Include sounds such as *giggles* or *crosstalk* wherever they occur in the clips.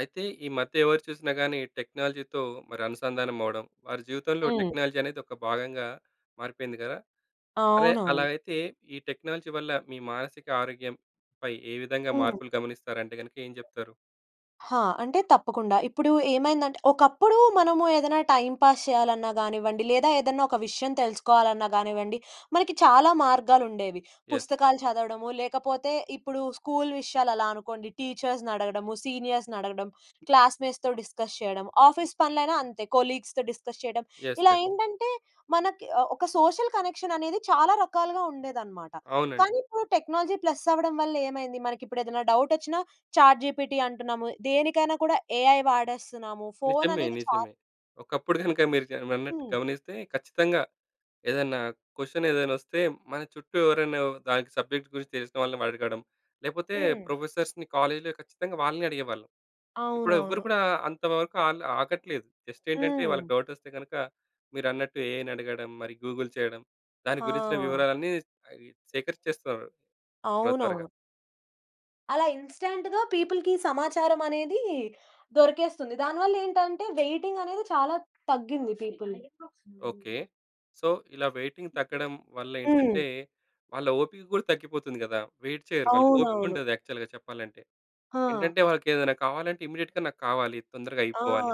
అయితే ఈ మధ్య ఎవరు చూసినా గాని టెక్నాలజీతో మరి అనుసంధానమవ్వడం, వారి జీవితంలో హ్మ్. టెక్నాలజీ అనేది ఒక భాగంగా మారిపోయింది కదా. అదే అలా అవునవును. అయితే ఈ టెక్నాలజీ వల్ల మీ మానసిక ఆరోగ్యంపై ఏ విధంగా హ్మ్. మార్పులు గమనిస్తారంటే గనక ఏం చెప్తారు? హా! అంటే తప్పకుండా. ఇప్పుడు ఏమైందంటే, ఒకప్పుడు మనము ఏదైనా టైమ్ పాస్ చేయాలన్నా గానివ్వండి లేదా ఏదైనా ఒక విషయం తెలుసుకోవాలన్నా కానివ్వండి. మనకి చాలా మార్గాలు ఉండేవి యస్. పుస్తకాలు చదవడము, లేకపోతే ఇప్పుడు స్కూల్ విషయాలు అలా అనుకోండి టీచర్స్‌నడగడము, సీనియర్స్‌నడగడం, క్లాస్మేట్స్‌తో డిస్కస్ చేయడం, ఆఫీస్ పనులు అయినా అంతే కొలీగ్స్‌తో డిస్కస్ చేయడం. యస్ ఇలా యస్. ఏంటంటే మనకి ఆహ్, ఒక సోషల్ కనెక్షన్ అనేది చాలా రకాలుగా ఉండేదనమాట. కానీ అవునండి. ఇప్పుడు టెక్నాలజీ ప్లస్ అవ్వడం వల్ల ఏమైంది? మనకి ఇప్పుడు ఏదైనా డౌట్ వచ్చినా చాట్ జిపిటి అంటున్నాము. దేనికైనా కూడా ఏఐ వాడేస్తున్నాము. ఫోన్ నిజమే అనేది చా నిజమే. ఒకప్పుడు కనుక *chuckles* మీరు జ అన్నట్టు హ్మ్. గమనిస్తే ఖచ్చితంగా ఏదైనా క్వెషన్ ఏదైనా వస్తే, మన చుట్టూ ఎవరొనొ దానికి సబ్జెక్ట్ గురించి తెలిసిన వాళ్ళని అడగడం. లేకపోతే హ్మ్. ప్రొఫెసర్స్‌‌ని కాలేజ్‌‌లో ఖచ్చితంగా వాళ్ళనే అడిగేవాళ్ళం. ఇప్పుడు ఎవ్వరూ అవునవును. కూడా అంతవరకు ఆన్ల ఆగట్లేదు. జస్ట్ ఏంటంటే, హ్మ్. వాళ్ళకి డౌట్ వస్తే గనక మీరన్నట్టు ఏఐని అడగడం. మరి గూగుల్ చేయడం. దాని గురించిన ఆ! వివరాలన్నీ అవి సేకరించేస్తున్నరు త్వరత్వరగా. అవునవును. అలా ఇన్స్టాంట్‌గా పీపుల్‌కి సమాచారమనేది దొరికేస్తుంది. దానివల్లేంటంటే, వెయిటింగనేది చాలా తగ్గింది. People okay. సో, ఇలా వెయిటింగ్ తగ్గడం హ్మ్. వల్లేంటంటే, వాళ్ళ ఓపిక కూడా తగ్గిపోతుంది కదా! వెయిట్ చేయరు. అవునవును. వాళ్ళకోపికుండదు యాక్చువల్‌గా చెప్పాలంటే. ఆ! ఏంటంటే, వాళ్ళకేదేనా కావాలంటే, ఇమ్మిడియట్‌గా నాకు కావాలి. తొందరగా ఆ! అయిపోవాలి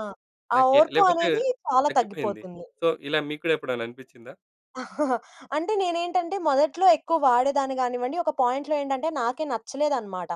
ఆ నాకె ఓర్పు లేపోతే అనేది, చాలా తగ్గిపోయింది. తగ్గిపోతుంది. సో, ఇలా మీకు కూడా ఎప్పుడేనా అనిపిచ్చిందా? *chuckles* అంటే, నేనేంటంటే, మొదట్లో ఎక్కువ వాడేదాన్ని గానివ్వండి. ఒక పాయింట్‌లో ఏంటంటే, నాకే నచ్చలేదనమాట.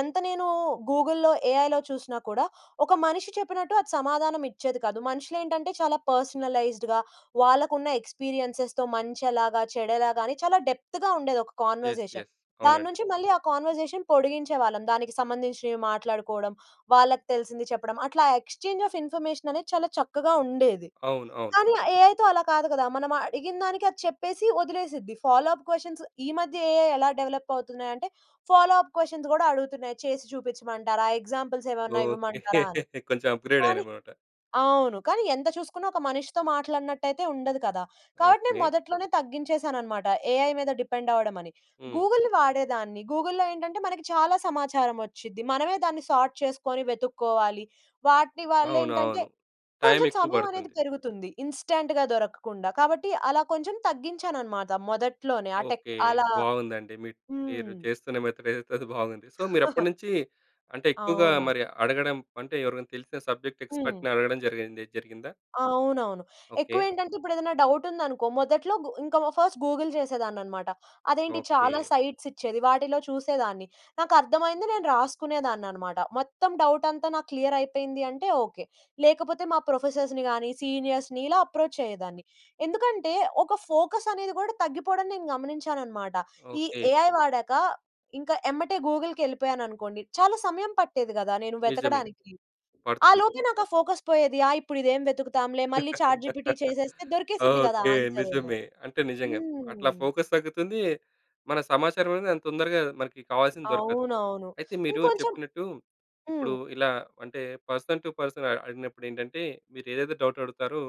ఎంత నేను గూగుల్‌లో, ఏఐలో చూసినా, కూడా ఒక మనిషి చెప్పినట్టు, అది సమాధానమిచ్చేది కాదు. మనుషులేంటంటే, చాలా పర్సనలైజ్డ్‌గా, వాళ్ళకున్న ఎక్స్పీరియన్సెస్‌తో, మంచెలాగా, చెడెలాగా అని, చాలా డెప్త్‌గా ఉండేది ఒక ఎస్ కాన్వర్జేషన్. ఎస్. దాని అవునండి. నుంచి మళ్ళీ ఆ కాన్వర్జేషన్ పొడిగించేవాళ్ళం. దానికి సంబంధించినవి మాట్లాడుకోడం, వాళ్ళకి తెలిసింది చెప్పడం. అట్లా, ఎక్స్చేంజ్ ఆఫ్ ఇన్ఫర్మేషన్ అనేది చాలా చక్కగా ఉండేది. అవును. అవును. కానీ ఆహ్, ఏఐతో అలా కాదు కదా! మనమ అడిగినదానికి అది చెప్పేసి, వదిలేసిద్ది. ఫాలో అప్ క్వెషన్స్ ఈ మధ్య ఏఐ ఎలా డెవలప్ అవుతున్నాయంటే ఫాలో అప్ క్వెషన్స్ కూడా అడుగుతున్నాయి. చేసి చూపించమంటారా? Examples ఏవేన్నా okay. ఇవ్వమంటారా? అని. *chuckles* కొంచెం అప్‌గ్రేడ్ కానీ అయ్యారనమాట. ఆ! అవును. కానీ ఎంత చూసుకున్నా, ఒక మనిషితో మాట్లాడినట్టయితే ఉండదు కదా! కాబట్టి నేను ఓకే. మొదట్లోనే తగ్గించేసాననమాట. ఏఐ మీద డిపెండ్ అవడమని. హ్మ్. గూగుల్‌ని వాడేదాన్ని. గూగుల్‍లో ఏంటంటే, మనకి చాలా సమాచారం వచ్చిద్ది. మనమే దాన్ని సోర్ట్ చేసుకోని వెతుక్కోవాలి. వాటి అవును. వల్లేంటంటే, అవును. కొంచెం టైమెక్కువ సమయం అనేది బడుతుంది. పెరుగుతుంది, ఇన్స్టాంట్‌గా దొరకకుండా. కాబట్టి అలా కొంచెం తగ్గించాననమాట మొదట్లోనే. ఆహ్, టెక్ ఓకే. అలా బావుందండి. మిడ్ తీరు హ్మ్. చేస్తున్న మెథడేదైతే అది బాగుంది. సో, *chuckles* మీరప్పటినుంచి అంటే, ఎక్కువగా అవునవును. మరి అడగడం అంటే, ఎవరికైన తెలిసిన సబ్జెక్ట్ హ్మ్. ఎక్స్పర్ట్‌ని అడగడం జరిగింది జరిగిందా? అవునవును. ఓకే. ఎక్కువేంటంటే, ఇప్పుడేదెనా డౌటుందనుకో. మొదట్లో గు ఇంక మ ఫస్ట్ గూగుల్ చేసేదాన్ననమాట. అదేంటి! ఓకే. చాలా సైట్సిచ్చేది. వాటిలో చూసేదాన్ని. నాకర్థమైంది నేను రాసుకునేదాన్ననమాట. మొత్తం డౌటంతా నాకు క్లియరయిపోయింది అంటే, ఓకే. లేకపోతే మా ప్రొఫెసర్స్‌ని గాని, సీనియర్స్‌ని, ఇలా అప్రోచ్ అయ్యేదాన్ని. ఎందుకంటే, ఒక ఫోకస్ అనేది కూడా తగ్గిపోడం నేను గమనించాననమాట. ఈ ఓకే. ఏఐ వాడాక, ఇంక ఎమ్మటే గూగుల్‌కెళిపోయాననుకోండి! చాలా సమయం పట్టేది కదా, నేను నిజమే! వెతకడానికి. ఆ పడుతుంది. లోపే నాకా ఫోకస్ పోయేది. ఆ! ఇప్పుడిదేం వెతుకుతాంలే. మళ్ళీ ఛాట్ జిపిటి *laughs* చేసేస్తే దొరికేసిద్ది గదా ఓకే. ఆన్సరూను. నిజమే. అంటే నిజంగా! అట్లా హ్మ్. ఫోకస్ తగ్గుతుంది. మన సమాచారమనేది అంత తొందరగా మనకి కావాల్సింది దొరకదు. అవునవును. అయితే మీరు ఇంకొంచెం చెప్పినట్టు, ఇప్పుడు హ్మ్. ఇలా, అంటే పర్సన్ టు పర్సన్ అ అడిగినప్పుడేంటంటే, మీరేదైతే డౌటడుగుతారో,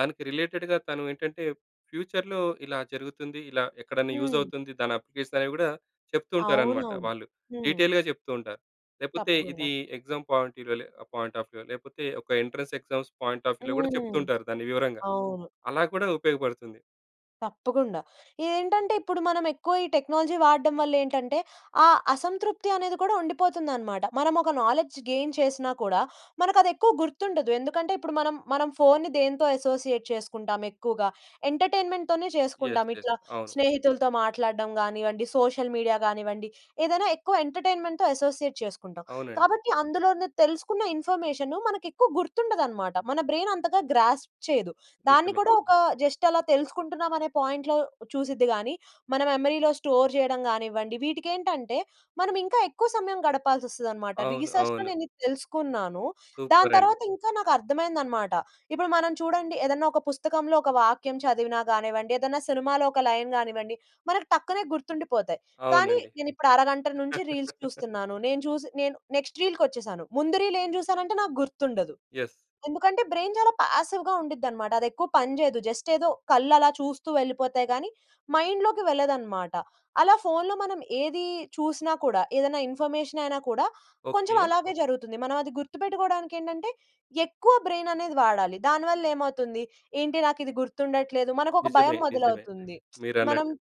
దానికి రిలేటెడ్‌గా తను ఏంటంటే, ఫ్యూచర్‌లో ఇలా జరుగుతుంది. ఇలా ఎక్కడెన్నా హ్మ్. యూజవుతుంది దాని అప్లికేషన్ అనేవి కూడా, చెప్తూ ఉంటారనమాట అవునవును. వాళ్ళు. హ్మ్. డీటెయిల్‌గా చెప్తూ ఉంటారు. లేపోతే తప్పకుండ. ఇది ఎగ్జామ్ పాయింట్ వ్యూ లోలే పాయింట్ ఆఫ్ వ్యూ లేకపోతే, ఒక ఎంట్రన్స్ ఎగ్జామ్స్ పాయింట్ ఆఫ్ వ్యూలో కూడా హ్మ్. చెప్తూంటారు దాన్ని వివరంగా. అవును అలా కూడా ఉపయోగపడుతుంది. తప్పకుండా. ఏంటంటే ఇప్పుడు మనం ఎక్కువ ఈ టెక్నాలజీ వాడడం వల్ల ఏంటంటే, ఆ అసంతృప్తి అనేది కూడా ఉండిపోతుందనమాట. మనం ఒక నాలెడ్జ్ గెయిన్ చేసినా కూడా, మనకు అది ఎక్కువ గుర్తుండదు. ఎందుకంటే, ఇప్పుడు మనం మనం ఫోన్‌ని దేనితో అసోసియేట్ చేసుకుంటాం ఎక్కువగా. ఎంటర్టైన్‍మెంట్‍తోనే చేసుకుంటాం. యెస్, యెస్ ఇట్లా అవును. స్నేహితులతో మాట్లాడడం గానియండి, సోషల్ మీడియా గానివ్వండి. ఏదైనా ఎక్కువ ఎంటర్టైన్‍మెంట్‍తో అసోసియేట్ చేసుకుంటాం. అవునండి. కాబట్టి, అందులోనే తెలుసుకున్న ఇన్ఫర్మేషను మనకెక్కువ గుర్తుండదనమాట. మన బ్రైన్ అంతగా గ్రాస్ప్ చేయదు. దాన్ని నిజమే. కూడా ఒక జస్ట్ అలా తెలుసుకుంటున్నాం అనే పాయింట్‌లో చూసిద్ది‌ గాని, మన మెమరీ‌లో స్టోర్ చేయడం కానివ్వండి వీటికెంటంటే, మనం ఇంకా ఎక్కువ సమయం గడపాల్సి వస్తదనమాట. అవును. రిసర్చ్‌లో అవును. నేను ఇది తెలుసుకున్నాను. దాని సూపర్ అండి. తర్వాత ఇంకా నాకు అర్థమైంది అనమాట. ఇప్పుడు మనం చూడండి ఏదైనా ఒక పుస్తకంలో ఒక వాక్యం చదివిన కానివ్వండి, ఏదైనా సినిమాలో ఒక లైన్ కానివ్వండి. మనకు టక్కునె గుర్తుండిపోతాయి. కానీ, అవునండి. నేను ఇప్పుడు అరగంట నుంచి రీల్స్ చూస్తున్నాను. నేను చూసి, నేను నెక్స్ట్ రీల్‌కొచ్చేసాను. ముందు రీల్ ఏం జూసానంటే, నాకు గుర్తుండదు. యెస్. ఎందుకంటే, బ్రైన్ చాలా పాసివ్‌గా ఉండిద్దినమాట. అది ఎక్కువ పని చేయదు. జస్ట్ ఏదో కళ్ళు అలా చూస్తూ వెళ్ళిపోతాయి కానీ, మైండ్‌లోకి వెళ్ళదన్నమాట. అలా ఫోన్‌లో మనం ఏది చూసినా కూడా, ఏదైనా ఇన్ఫర్మేషన్ అయినా కూడా, కొంచెం ఓకే. అలాగే జరుగుతుంది. మనం అది గుర్తుపెట్టుకోవడానికి ఏంటంటే, ఎక్కువ బ్రెయిన్ అనేది వాడాలి. దానివల్ల ఏమవుతుంది ఏంటి నాకు ఇది గుర్తుండట్లేదు. మనకు ఒక భయం నిజమే, నిజమే. మొదలవుతుంది. *smacks lips* మనం మీరన్నట్టు.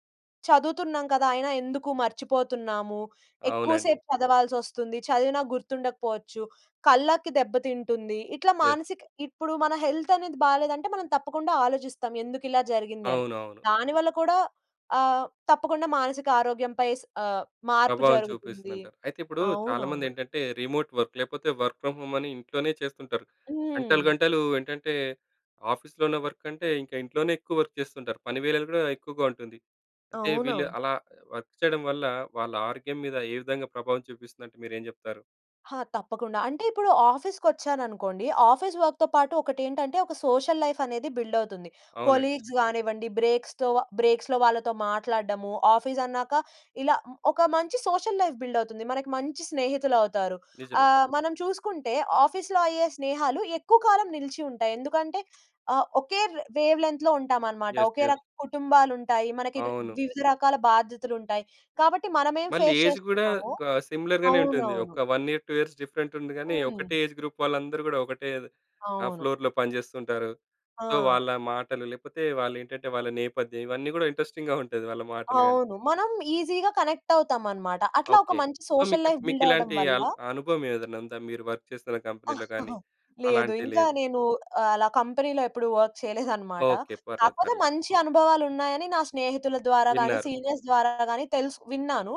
చదువుతున్నాం కదా. అయినా ఎందుకు మర్చిపోతున్నాము, అవునండి. ఎక్కువసేపు చదవాల్సొస్తుంది, చదివినా గుర్తుండకపోవచ్చు, కళ్ళకి దెబ్బతింటుంది. ఇట్లా యెస్. మానసిక ఇప్పుడు మన హెల్త్ అనేది బాలేదంటే, మనం తప్పకుండా ఆలోచిస్తాం. ఎందుకు ఇలా జరిగింది అని. అవునవును. దాని వల్ల కూడా ఆహ్, తప్పకుండా మానసిక ఆరోగ్యం పై స ఆహ్, మార్పు ప్రభావం జరుగుతుంది. చూపిస్తుదంటారు. అయితే, ఇప్పుడు చాలామంది అవునవును. ఏంటంటే, రిమోట్ వర్క్ లేకపోతే వర్క్ ఫ్రమ్ హోమ్ అని ఇంట్లోనే చేస్తుంటారు. గంటలు, హ్మ్. గంటలు ఏంటంటే, ఆఫీస్‌లోనే వర్క్ అంటే, ఇంక ఇంట్లోనే ఎక్కువ వర్క్ చేస్తుంటారు. పని వేళలు కూడా ఎక్కువగా ఉంటుంది. అంటే, వీళ్ళు అవునవును. అలా వర్క్ చేయడం వల్ల వాళ్ళ ఆరోగ్యం మీద ఏ విధంగా ప్రభావం చూపిస్తుందంటే, మీరేం చెప్తారు? ఆ! తప్పకుండా. అంటే, ఇప్పుడు ఆఫీస్‌కొచ్చాననుకోండి, ఆఫీస్ వర్క్‌తో పాటు ఒకటేంటంటే, ఒక సోషల్ లైఫనేది బిల్డవుతుంది. అవునండి. కొలీగ్స్ గానివ్వండి, బ్రేక్స్‌తోవ బ్రేక్స్‌‌లో వాళ్ళతో మాట్లాడడము. ఆఫీసన్నాక ఇలా మ్ ఒక మంచి సోషల్ లైఫ్ బిల్డవుతుంది. మనకి మంచి స్నేహితులవుతారు. నిజమే. ఆహ్, మనం చూసుకుంటే, ఆఫీస్‌లో అయ్యే స్నేహాలు ఎక్కువ కాలం నిలిచి ఉంటాయి. ఎందుకంటే, ఆహ్, ఒకే ర్ వేవ్‌లెంత్‌లో ఉంటామనమాట. యెస్. Okay yes. రక కుటుంబాలుంటాయి. మనకి ర్ అవును. వివిధ రకాల బాధ్యతలుంటాయి. కాబట్టి, మనమేం మళ్ళీ ఫేస్ ఏజ్ గూడా చేస్తున్నా‌మో క సిమిలర్‌‌‌గానే ఉంటుంది. అవునవును. ఒక్క 1 ఇయర్, 2 ఇయర్స్ డిఫరెంటుంది గానీ, హ్మ్. ఒకటే ఏజ్ గ్రూప్ వాళ్ళందరు గూడా ఒకటే ద్ ఆహ్, అవును. ఫ్లోర్‌లో పని జేస్తుంటారు. సో, ఆ! వాళ్ళ మాటలు లేపోతే వాళ్ళేంటంటే, వాళ్ళ నేపథ్యం ఇవన్నీ గూడా ఇంట్రస్టింగ్‌గా ఉంటది, వాళ్ళ మాటలు గానీ. అవును. మనం ఈజీగా కనెక్టవుతామనమాట. అట్లా ఒక ఓకే. మంచి సో, సోషల్‌ మీకిప్ లైఫ్ బిల్డవ్వడం మీకిలాంటీ వల్ల అల్ అనుభవమేదనుందా, మీరు వర్క్ చేస్తున్న కంపెనీలో గానీ, *chuckles* లేదు. అలాంటి ఇంకా లేవే? నేనూ ఆహ్, అలా కంపెనీలో ఎప్పుడు వర్క్ చెయలేదనమాట. ఓకే. పర్లేదు, కాకపోతే, పర్లేదు. మంచి అనుభవాలున్నాయని నా స్నేహితుల ద్వారా గానీ, విన్నారు. సీనియర్స్ ద్వారా గానీ తెలుస్ విన్నాను.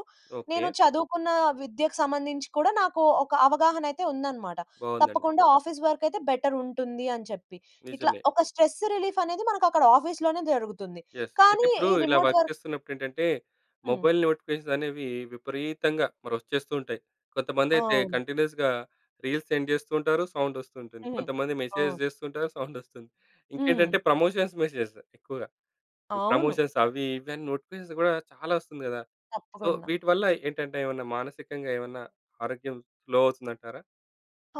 నేను ఓకే. చదువుకున్నా విద్యకు సంబంధించి కూడా నాకూ ఒక అవగాహనయితే ఉందనమాట. బావుందండి. తప్పకుండా ఆఫీస్ వర్కయితే బెటరుంటుంది అని చెప్పి. ఇట్లా నిజమే. ఒక స్ట్రెస్స్ రిలీఫనేది మనకక్కడ ఆఫీస్‌లోనే జరుగుతుంది, యెస్. అయితే, కానీ ఇప్పుడూ ఈ ఇలా రిమోట్ వర్క్ వర్క్ చేస్తున్నప్పుడేంటంటే, హ్మ్. మొబైల్ నోటిఫికేషన్సనేవి విపరీతంగా మరొచ్చేస్తూ ఉంటాయి. కొంతమందయితే అవును. కంటిన్యూస్‌గా. రీల్స్ సెండ్ చేస్తూ ఉంటారు, సౌండొస్తుంటుంది. హుహు. కొంతమంది మెసేజ్ అవును. జేస్తుంటేనే సౌండొస్తుంది. హ్మ్. ఇంకేంటంటే, ప్రమోషన్స్ మెసేజ్ ఎక్కువగా. ఈ అవును. ప్రమోషన్స్ అవీ, ఇవని నోటిఫికేషన్స్ గూడా చాలా ఒస్తుంది గదా! సో, తప్పకుండా. వీటి వల్ల ఏంటంటే, ఏవన్నా మానసికంగా, ఏవన్నా ఆరోగ్యం లో అవుతుందంటారా?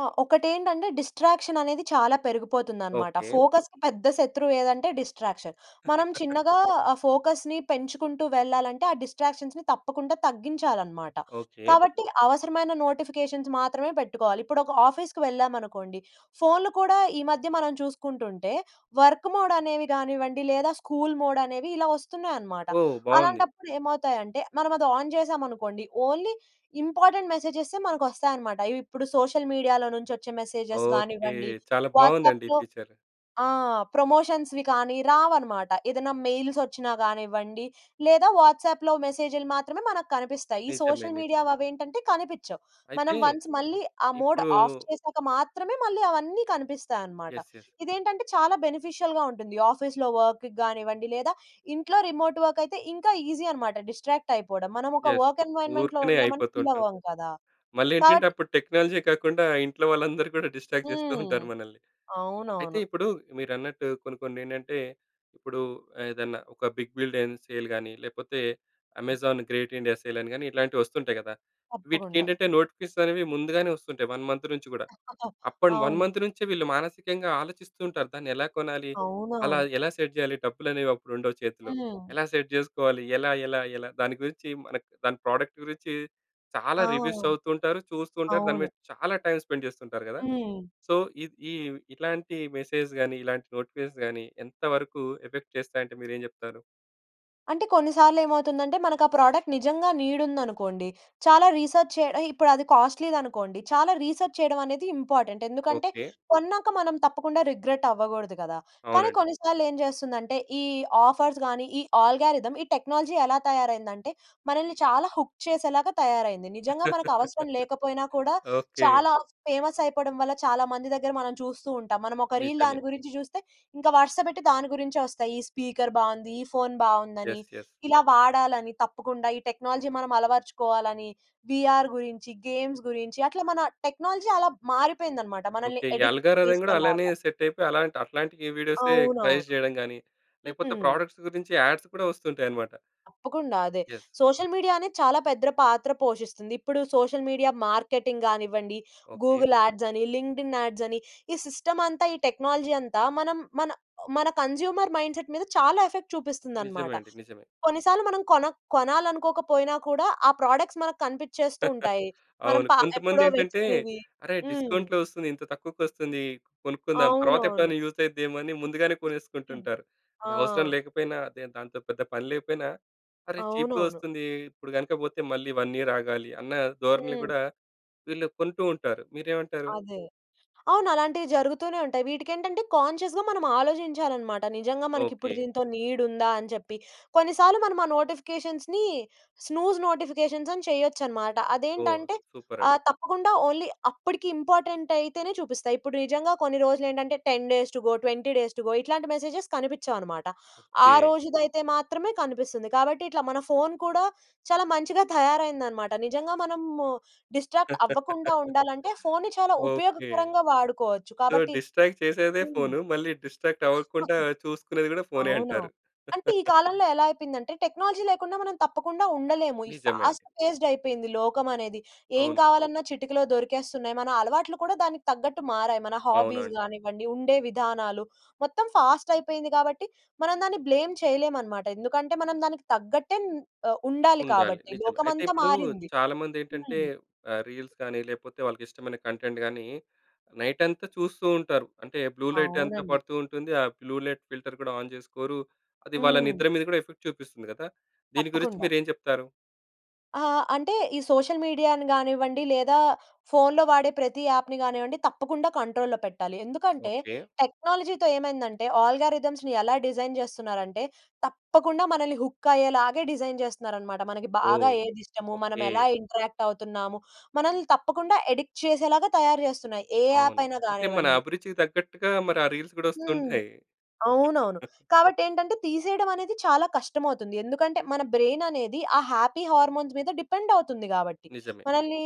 ఆ! ఒకటేంటంటే డిస్ట్రాక్షన్ అనేది చాలా పెరిగిపోతుందనమాట. ఓకే. ఫోకస్‌కి పెద్ద శత్రువేదంటే డిస్ట్రాక్షన్. మనం *giggles* చిన్నగా ఆ ఫోకస్‌ని పెంచుకుంటూ వెళ్ళాలంటే ఆ డిస్ట్రాక్షన్స్‌ని తప్పకుండా తగ్గించాలనమాట. ఓకే. కాబట్టి అవసరమైన నోటిఫికేషన్స్ మాత్రమే పెట్టుకోవాలి. ఇప్పుడొక ఆఫీస్‌కి వెళ్ళామనుకోండి ఫోన్‌లు కూడా ఈ మధ్య మనం చూసుకుంటుంటే వర్క్ మోడ్ అనేవి గానివ్వండి లేదా స్కూల్ మోడ్ అనేవి ఇలా వస్తున్నాయనమాట, ఓహ్! బావుంది. అలాంటప్పుడు ఏమవుతాయంటే మనం అది ఆన్ చేసామనుకోండి ఓన్లీ ఇంపార్టెంట్ మెసేజెస్సే మనకొస్తాయనమాట. ఇవిప్పుడు సోషల్ మీడియాలో నుంచొచ్చే మెసేజెస్ ఓకె. గానివ్వండి చాలా బావుందండి ఈ వాట్సాప్‌లో ఫీచర్. ఆ! ప్రమోషన్స్‌వి కానీ రావనమాట. ఏదన్నా మెయిల్స్ వచ్చినా గానివ్వండి లేదా వాట్సాప్‌లో మెసేజ్‌లు మాత్రమే మనకు కనిపిస్తాయి. ఈ నిజమే, సోషల్ మీడియా నిజమే. అవేంటంటే కనిపిచ్చవు. మనం అయితే వన్స్ మళ్ళీ ఆ మోడ్ ఇప్పుడూ ఆఫ్ చేసాక మాత్రమే మళ్ళీ అవన్నీ కనిపిస్తాయనమాట. యస్! యస్! ఇదేంటంటే చాలా బెనిఫిషియల్‌గా ఉంటుంది. ఆఫీస్‌లో వర్క్ గానివ్వండి లేదా ఇంట్లో రిమోట్ వర్క్ అయితే ఇంకా ఈజీ అనమాట డిస్ట్రాక్ట్ అయిపోడం మనం ఒక యస్! వర్క్ ఎన్విరాన్‌మెంట్‌లో ఊరుకనే ఉన్నామని ఫీల్ అయిపోతుంటాం. అవ్వం కదా! కాబట్టి మళ్ళేంటంటే అప్పుడు టెక్నాలజే కాకుండా ఇంట్లో వాళ్ళందరూ కూడా డిస్ట్రాక్ట్ జేస్తూ హ్మ్. ఉంటారు మనల్ని. అయితే అవునవును. ఇప్పుడు మీరన్నట్టు కొన్ని కొన్నేంటంటే ఇప్పుడు ఏదన్నా ఒక బిగ్ బిలియన్ సేల్ గానీ లేపోతే అమెజాన్ గ్రేట్ ఇండియా సేల్ అని గాని ఇట్లాంటివొస్తుంటాయి గదా! తప్పకుండా. వీటికేంటంటే నోటిఫికేషన్స్ అనేవి ముందుగానే వస్తుంటాయి 1 మంత్ నుంచి గూడా. *chuckles* అప్పున్ 1 అవును. మంత్ నుంచే వీళ్ళు మానసికంగా ఆలోచిస్తూంటారు దాన్ని ఎలా కొనాలి? అలా అవునవును. ఎలా సెట్ జేయాలి? డబ్బులనేవి అప్పుడుండవు చేతిలో. హ్మ్. ఎలా సెట్ చేసుకోవాలి? ఎలా? ఎలా? ఎలా? దాని గురించి మనకి దాని ప్రోడక్ట్ గురించి చాలా ఆ! రివ్యూస్ చదువుతూంటారు చూస్తూతుంటారు దాని అవును. మీద చాలా టైమ్ స్పెండ్ జేస్తుంటరు గదా! హ్మ్. సో ఇద్ ఈ ఇట్లాంటి మెసేజ్ గాని ఇలాంటి నోటిఫికేషన్స్ గాని ఎంత వరకు ఎఫెక్ట్ చేస్తాయి అంటే మీరేం చెప్తారు? అంటే కొన్ని సార్లు ఏమవుతుందంటే మనకా ప్రొడక్ట్ నిజంగా నీడ్ ఉందనుకోండి, చాలా రీసెర్చ్ చేయ ఆహ్, ఇప్పుడది కాస్ట్‌లీదనుకోండి చాలా రీసెర్చ్ చేయడం అనేది ఇంపార్టెంట్. ఎందుకంటే ఓకె. కొన్నాక మనం తప్పకుండా రిగ్రెట్ అవ్వకూడదు గదా! కానీ అవునండి. కొన్నిసార్లు ఏం జెస్తుందంటే ఈ ఆఫర్స్ గాని, ఈ ఆల్గారిథమ్, ఈ టెక్నాలజీ ఎలా తయారైందంటే మనల్ని చాలా హుక్ చేసేలాగా తయారయింది. నిజంగా మనకు అవసరం *laughs* లేకపోయినా కూడా ఓకె. చాలా ఫేమస్ అయిపోవడం వల్ల చాలా మంది దగ్గర మనం చూస్తూ ఉంటాం. మనం ఒక రీల్ నిజమే. దాని గురించి జూస్తే ఇంకా వరుస పెట్టి దాని గురించే ఒస్తాయి. ఈ స్పీకర్ బావుంది, ఈ ఫోన్ బావుందని యెస్. యెస్. ఇలా వాడాలని, తప్పకుండా ఈ టెక్నాలజీ మనం అలవరచుకోవాలని, వీఆర్ గురించి, గేమ్స్ గురించి అట్ల మన టెక్నాలజీ అలా మారిపోయిందనమాట. మనల్ని ఓకె. ఈ అడిక్ట్ ఆల్గారిథమ్ గూడా అలానే చేసేలాగా. సెట్ అయిపోయి అలాంటి, అట్లాంటి ఈ వీడియోసే అవునవును. సజెస్ట్ చేయడం గాని హ్మ్. లేకపోతే హ్మ్. ప్రాడక్ట్స్ గురించి యాడ్స్ కూడా ఒస్తుంటాయన్నమాట. తప్పకుండా అదే. యెస్. సోషల్ మీడియా అనేది చాలా పెద్ద పాత్ర పోషిస్తుంది. ఇప్పుడు సోషల్ మీడియా మార్కెటింగ్ గానివ్వండి, ఓకె. గూగుల్ యాడ్స్ అని, లింక్డ్ఇన్ యాడ్స్ అని, ఈ సిస్టమ్ అంతా, ఈ టెక్నాలజీ అంతా మనం మన ఒ మన కన్స్యూమర్ మైండ్ సెట్ మీద చాలా ఎఫెక్ట్ నిజమే చూపిస్తుందన్నమాట. అండి. నిజమే. కొన్నిసార్లు మనం కోన కొనాలనుకోకపోయినా కూడా ఆ ప్రొడక్ట్స్ మనకు కనిపించేస్తూ *chuckles* ఉంటాయి. మనం అవును. పా ఎప్పుడో కొంతమందెంటంటే వెతికేవి. "అరే హ్మ్. డిస్కౌంట్‌లో ఒస్తుంది ఇంత తక్కువకొస్తుంది. కొనుక్కుందాం, అవునవును. తర్వాతెప్పుడైనా యూస్ అవుద్దేమో అని" ముందుగానే కొనేసుకుంటుంటారు. ఆ! అది అవసరం లేకపోయినా అదేం దాంతో పెద్ద పని లేకపోయినా "అరే చీప్‌గా అవునవును. ఒస్తుంది. ఇప్పుడు గనక పోతే మళ్ళీ 1 ఇయర్ ఆగాలి" అన్న ధోరణిలో హ్మ్. కూడా వీళ్ళు కొంటూ ఉంటారు. మీరేమంటారు? అదే. అవునలాంటివి జరుగుతూనే ఉంటయి. వీటికేంటంటే కాన్షియస్‌గా మనం ఆలోచించాలన్నమాట. నిజంగా మనకిప్పుడు ఓకె. దీనితో నీడ్ ఉందా? అని చెప్పి. కొన్నిసార్లు మనం ఆ నోటిఫికేషన్స్‌ని స్నూజ్ నోటిఫికేషన్స్ అని చేయొచ్చన్నమాట. ఓహ్! అదేంటంటే సూపర్ అండి. ఆహ్, తప్పకుండా ఓన్లీ అప్పటికి ఇంపార్టెంట్ అయితేనే చూపిస్తాయి. ఇప్పుడు నిజంగా కొన్ని రోజులేంటంటే 10 days to go, 20 days to go ఇట్లాంటి మెసేజెస్ కనిపిచ్చవన్నమాట. ఆ ఓకె. రోజుదయితే మాత్రమే కనిపిస్తుంది. కాబట్టి ఇట్లా మన ఫోన్ కూడా చాలా మంచిగా తయారైందనమాట. నిజంగా మనం డిస్ట్రాక్ట్ అవ్వకుండా *laughs* ఉండాలంటే ఫోన్‌ని చాలా ఓకె. ఉపయోగకరంగా వాడుకోవచ్చు సో కాబట్టి డిస్ట్రాక్ట్ హ్మ్. చేసేదే *chuckles* ఫోన్. మళ్ళీ డిస్ట్రాక్ట్ అవ్వకుండా చూసుకునేది గూడా ఫోనే అవును. అంటారు. అంటే ఈ *laughs* కాలంలో ఎలా అయిపోయిందంటే టెక్నాలజీ లేకుండా మనం తప్పకుండా ఉండలేము. ఈ నిజమే ఫాస్ట్ అండి. ఫేస్డ్ అయిపోయింది లోకం అనేది. ఏం అవును. కావాలన్నా చిటికలో దొరికేస్తున్నాయి. మన అలవాట్లు కూడా దానికి తగ్గట్టు మారాయి. మన అవునా హాబీస్ అండి! గానివ్వండి, ఉండే విధానాలు, మొత్తం ఫాస్ట్ అయిపోయింది గాబట్టి మనం దాన్ని బ్లేమ్ చేయలేమన్నమాట. ఎందుకంటే మనం దానికి తగ్గట్టే న్ ఆహ్, ఉండాలి ఉండాలి కాబట్టి. నిజమే. అయితే లోకమంతా ఇప్పుడు మారింది. చాలామందెంటంటే హ్మ్. ఆహ్, రీల్స్ గానీ లేపోతే వాళ్ళకి ఇష్టమైన కంటెంట్ గానీ నైట్ అంతా చూస్తూ ఉంటారు. అంటే బ్లూ లైట్ అంతా అవునండి. పడుతూ ఉంటుంది, ఆ బ్లూ లైట్ ఫిల్టర్ కూడా ఆన్ చేసుకోరు, అది వాళ్ళ హ్మ్. నిద్ర మీద కూడా ఎఫెక్ట్ చూపిస్తుంది గదా! దీని గురించి తప్పకుండా. మీరేం చెప్తారు? ఆహ్, అంటే ఈ సోషల్ మీడియాను గానివ్వండి, లేదా ఫోన్‌లో వాడే ప్రతి యాప్‍ని గానివ్వండి తప్పకుండా కంట్రోల్‌లో పెట్టాలి. ఎందుకంటే, ఓకె. టెక్నాలజీతో ఏమైందంటే అల్గారిథమ్స్‌ని ఎలా డిజైన్ చేస్తున్నారంటే, తప్పకుండా మనల్ని హుక్ అయ్యేలాగే డిజైన్ చేస్తున్నారనమాట. మనకి బాగా ఓహ్! ఏదిష్టము, ఓకె. మనమేలా ఇంటరాక్ట్ అవుతున్నాము, మనల్ని తప్పకుండా ఎడిక్ట్ చేసేలాగా తయారు చేస్తున్నాయి. ఏ యాప్ అవును. అయినా అంటే మన కానివ్వండి. అభిరుచికి తగ్గట్టుగా మరి ఆ రీల్స్ కూడా హ్మ్. వస్తుంటాయి. అవునవును. *chuckles* కాబట్టి ఏంటంటే, తీసేయడమనేది చాలా కష్టమవుతుంది. ఎందుకంటే, మన బ్రైన్ అనేది ఆ హ్యాపీ హార్మోన్స్ మీద డిపెండ్ అవుతుంది కాబట్టి. నిజమే. మనల్ని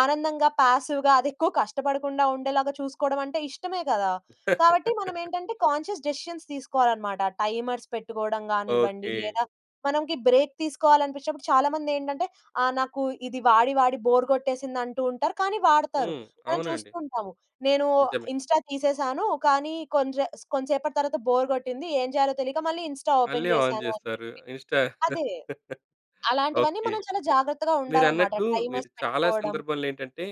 ఆనందంగా, పాసివ్‌గా అదెక్కువ కష్టపడకుండా ఉండేలాగా చూసుకోవడమంటే ఇష్టమే కదా! కాబట్టి *laughs* మనమేంటంటే కాన్షియస్ డెసిషన్స్ తీసుకోవాలన్నమాట. టైమర్స్ పెట్టుకోవడం కానివ్వండి, ఓకె. లేదా మనకి బ్రేక్ తీసుకోవాలనిపించినప్పుడు చాలామంది ఏంటంటే, ఆ నాకు ఇది వాడి వాడి బోర్ కొట్టేసిందంటూ ఉంటారు. కానీ వాడుతారు. హ్మ్. మనం అవునండి. చూస్తూ ఉంటాము. నేను నిజమే. ఇన్‌స్టా తీసేసాను. కానీ కొంసే కొంసేసేపటి తర్వాత బోర్ కొట్టింది. ఏం జేయాలో తెలియక మళ్ళీ ఇన్‌స్టా మళ్ళీ ఓపెన్ ఆన్ చేశాను, అని చేస్తారు చెప్పి. ఇన్‌స్టా. అదే. *chuckles* అలాంటివన్నీ ఓకె. మనం చాలా జాగ్రత్తగా ఉండాలన్నమాట. మీరన్నట్లు, మీరు టైమర్స్ చాలా పెట్టుకోవడం. సందర్భాల్లో ఏంటంటే,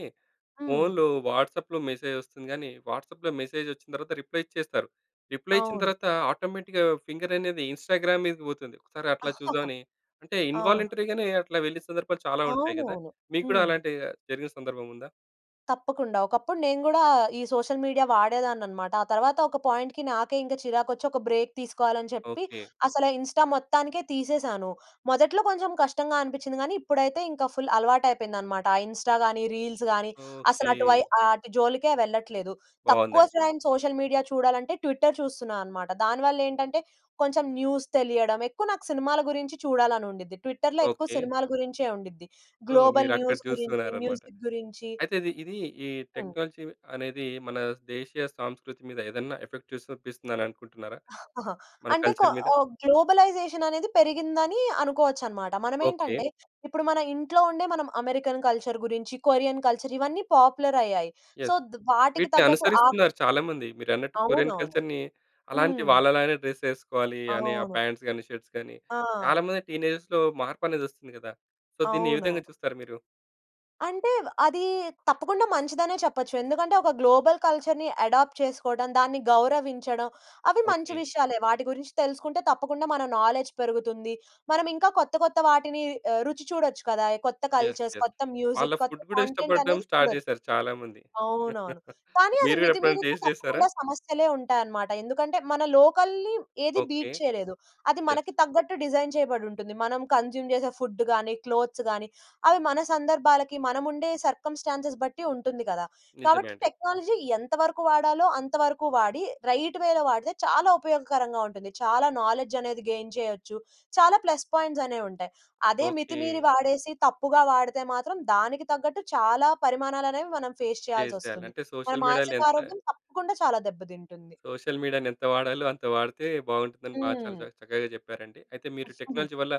హ్మ్. ఫోన్‌లో వాట్సప్‌లో మెసేజ్ వస్తుంది కానీ, వాట్సాప్‌లో మెసేజ్ వచ్చిన తర్వాత రిప్లై ఇచ్చేస్తారు. రిప్లై ఇచ్చిన అవును. తర్వాత, ఆటోమేటిక్‌గా ఫింగరనేది ఇన్‌స్టాగ్రామ్ మీదకి పోతుంది. ఒకసారి అట్లా *chuckles* చూద్దామని అంటే, అవును. ఇన్వాలంటరీగానే అట్లా వెళ్ళిన సందర్భాలు చాలా ఉంటాయి కదా! అవునవును. మీకు కూడా హ్మ్. అలాంటివి జరిగిన సందర్భం ఉందా? తప్పకుండా. ఒకప్పుడు నేను గూడా ఈ సోషల్ మీడియా వాడేదాన్ని అన్నమాట. ఆ తర్వాత ఒక పాయింట్‌కి నాకే చిరాకొచ్చి ఒక బ్రేక్ తీసుకోవాలి అని చెప్పి ఓకే. అసల ఇన్‌‌స్టా మొత్తానికే తీసేసాను. మొదట్లో కొంచెం కష్టంగా అనిపించింది. కానీ, ఇప్పుడైతే ఇంకా ఫుల్ అలవాటు అయిపోయింది అన్నమాట. ఇన్‌స్టా గాని, రీల్స్ గాని, అసలు అటు వై ఓకే. ఆ అటు జోలికే వెళ్ళట్లేదు. తక్కువ బావుందండి. టైమ్ సోషల్ మీడియా చూడాలంటే ట్విట్టర్ చూస్తున్నా అన్నమాట. దానివల్ల ఏంటంటే కొంచెం న్యూస్ తెలియడం ఎక్కువ నాకు సినిమాల గురించి చూడాలని ఉండిద్ధి ట్విట్టర్‌లో ఎక్కువ ఓకే. సినిమాల గురించేది ఉండిద్ధి. సో, గ్లోబల్ మీరు అక్కడ న్యూస్ గురించి, చూస్తున్నారన్నమాట. మ్యూజిక్ గురించి అయితే ఇది, ఇది ఈ హ్మ్. టెక్నాలజీ అనేది మన దేశీయ సంస్కృతి మీద ఏదైనా ఎఫెక్ట్ చూసి చూపిస్తుంది అని అనుకుంటున్నారా? *chuckles* మన అంటే కొ కల్చర్ మీద. గ్లోబలైజేషన్ అనేది పెరిగిందని అనుకోవచ్చన్నమాట. మనం ఓకే. ఏంటంటే ఇప్పుడు మన ఇంట్లో ఉండే మనం అమెరికన్ కల్చర్ గురించి, కొరియన్ కల్చర్ ఇవన్నీ పాపులర్ అయ్యాయి. So, yes! వాటికి వీటిని తగ్గట్టు ఆ అనుసరిస్తున్నారు చాలామంది. మీరన్నట్టు కొరియన్ అవునవును. కల్చర్‌ని అలాంటి హ్మ్. వాళ్ళలానే డ్రెస్ ఎసుకోవాలి అని, ఆ అవును. పాంట్స్ గాని, షర్ట్స్ గాని, ఆ! చాలామంది టీనేజర్‌లో మార్పు అనేది వస్తుంది కదా. సో, దీన్ని ఏ విధంగా అవునవును. చూస్తారు మీరు? అంటే అది తప్పకుండా మంచిదనే చెప్పొచ్చు. ఎందుకంటే ఒక గ్లోబల్ కల్చర్‌ని ఎడాప్ట్ చేసుకోవడం, దాన్ని గౌరవించడం అవి మంచి ఓకే. విషయాలే. వాటి గురించి తెలుసుకుంటే తప్పకుండా మన నౌలెడ్జ్ పెరుగుతుంది. మనం ఇంకా కొత్త ,కొత్త వాటిని ఆహ్, రుచి చూడొచ్చు కదా! కొత్త యస్! Cultures yes! కొత్త వాళ్ళ మ్యూజిక్ కొత్త ఫుడ్ కూడా కంటెంట్ ఇష్టపడడం అనేది స్టార్ట్ చూడొచ్చు. చేసారు చాలా మంది. అవునవును. *giggles* కానీ, అది మీరు కూడా ఎప్పుడైనా మితిమీరితే టేస్ట్ చేసారా? తప్పకుండా సమస్యలే ఉంటాయన్నమాట. ఎందుకంటే మనం లోకల్‌ని ఏది ఓకే. బీట్ చేయలేదు. అది యస్! మనకి తగ్గట్టు డిజైన్ చేయబడి ఉంటుంది. మనం కన్జ్యూమ్ చేసే ఫుడ్ గాని, క్లోత్స్ గాని అవి మన సందర్భాలకి మనం ఉండే సర్కమ్‌స్టాన్సెస్ బట్టి ఉంటుంది కదా! నిజమే కాబట్టి అండి. టెక్నాలజీ ఎంతవరకు వాడాలో అంత వరకు వాడి రైట్‌వేలో వాడితే చాలా ఉపయోగకరంగా ఉంటుంది. చాలా నౌలెడ్జ్ అనేది గెయిన్ చేయొచ్చు. చాలా ప్లస్ పాయింట్స్ అనేవి ఉంటాయి. అదే మితిమీరి ఓకే. వాడేసి తప్పుగా వాడితే మాత్రం దానికి తగ్గట్టు చాలా పరిమాణాలు అనేవి మనం ఫేస్ ఫేస్ జెయ్యాలి, చేయాల్సివస్తుంది. అంటే మన సోషల్ మీడియాలో మానసిక ఎంత ఆరోగ్యం తప్పకుండా చాలా దెబ్బ తింటుంది. సోషల్ మీడియాని ఎంత వాడాలో అంత వాడితే బావుంటుందని బాగా చాలా చ హ్మ్. చక్కగా చెప్పారండి. అయితే మీరు *chuckles* టెక్నాలజీ వల్ల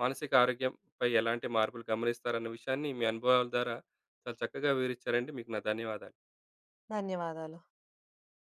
మానసిక ఆరోగ్యంపై ఎలాంటి మార్పులు గమనిస్తారన్న విషయాన్ని మీ అనుభవాల ద్వారా చాలా చక్కగా వివరిచ్చారండి మీకు నా ధన్యవాదాలు. ధన్యవాదాలు.